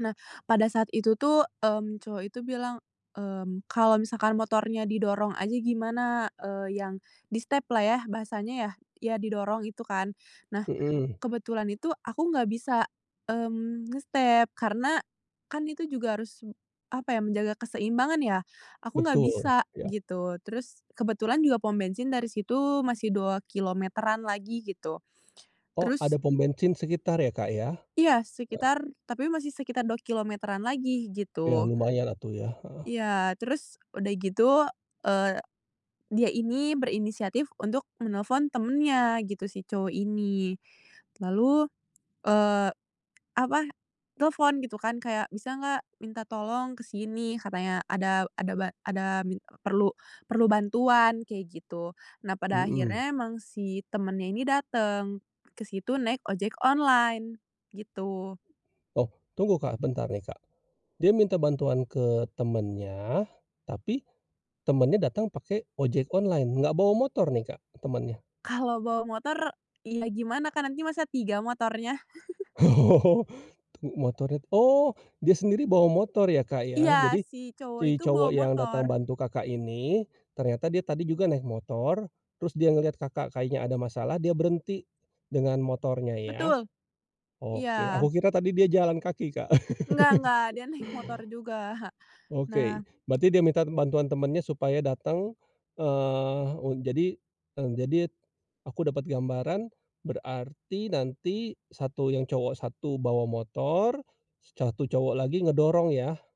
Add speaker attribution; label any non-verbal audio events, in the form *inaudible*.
Speaker 1: Nah, pada saat itu tuh, mmm, cowok itu bilang, mmm, "Kalau misalkan motornya didorong aja gimana?" Eee, yang di-step-lah ya bahasanya yah? Iya didorong itu kan. Nah,
Speaker 2: Mhm.
Speaker 1: kebetulan itu aku enggak bisa, mmm, nge-step karena kan itu juga harus, em apa ya, menjaga keseimbangan ya? Aku enggak
Speaker 2: Betul.
Speaker 1: bisa
Speaker 2: Iya.
Speaker 1: gitu. Terus kebetulan juga pom bensin dari situ masih 2 km-an lagi gitu.
Speaker 2: Oh,
Speaker 1: Terus
Speaker 2: ada pom bensin sekitar ya, Kak, ya?
Speaker 1: Iya,
Speaker 2: Heeh.
Speaker 1: sekitar, tapi masih sekitar 2 km-an lagi
Speaker 2: Iya
Speaker 1: gitu.
Speaker 2: lumayan atuh ya, heeh.
Speaker 1: Iya. Terus udah gitu, eee, dia ini berinisiatif untuk menelepon temannya gitu, si cowok ini. Lalu, eee, apa, telepon gitu kan kayak, "Bisa enggak minta tolong ke sini," katanya, "Ada ada ba ada minta perlu, perlu bantuan." Kayak gitu. Nah pada
Speaker 2: Mhm.
Speaker 1: akhirnya emang si temannya ini datang ke situ naik ojek online gitu.
Speaker 2: Oh, tunggu, Kak, bentar nih, Kak. Dia minta bantuan ke temannya, tapi temannya datang pakai ojek online? Enggak bawa motor nih, Kak, eee, temannya?
Speaker 1: Kalau bawa motor, iya gimana, kan nanti masa tiga motornya? *chuckles*
Speaker 2: Oh, tuh motornya tu oh, dia sendiri bawa motor ya, Kak, ya?
Speaker 1: Iya.
Speaker 2: Jadi
Speaker 1: Si cowok
Speaker 2: si
Speaker 1: itu bawa
Speaker 2: cowok yang datang
Speaker 1: motor.
Speaker 2: bantu Kakak ini ternyata dia tadi juga naik motor, terus dia ngelihat Kakak kayaknya ada masalah, dia berhenti dengan motornya ya?
Speaker 1: Betul. Iya.
Speaker 2: Oke. Aku kira tadi dia jalan kaki, Kak.
Speaker 1: Enggak enggak.
Speaker 2: *laughs*
Speaker 1: Dia naik motor juga. Nah
Speaker 2: Oke. Berarti dia minta bantuan temannya supaya datang, eh, u jadi, eng jadi t aku dapat gambaran berarti nanti 1 yang cowok 1 bawa motor, 1 cowok lagi ngedorong ya?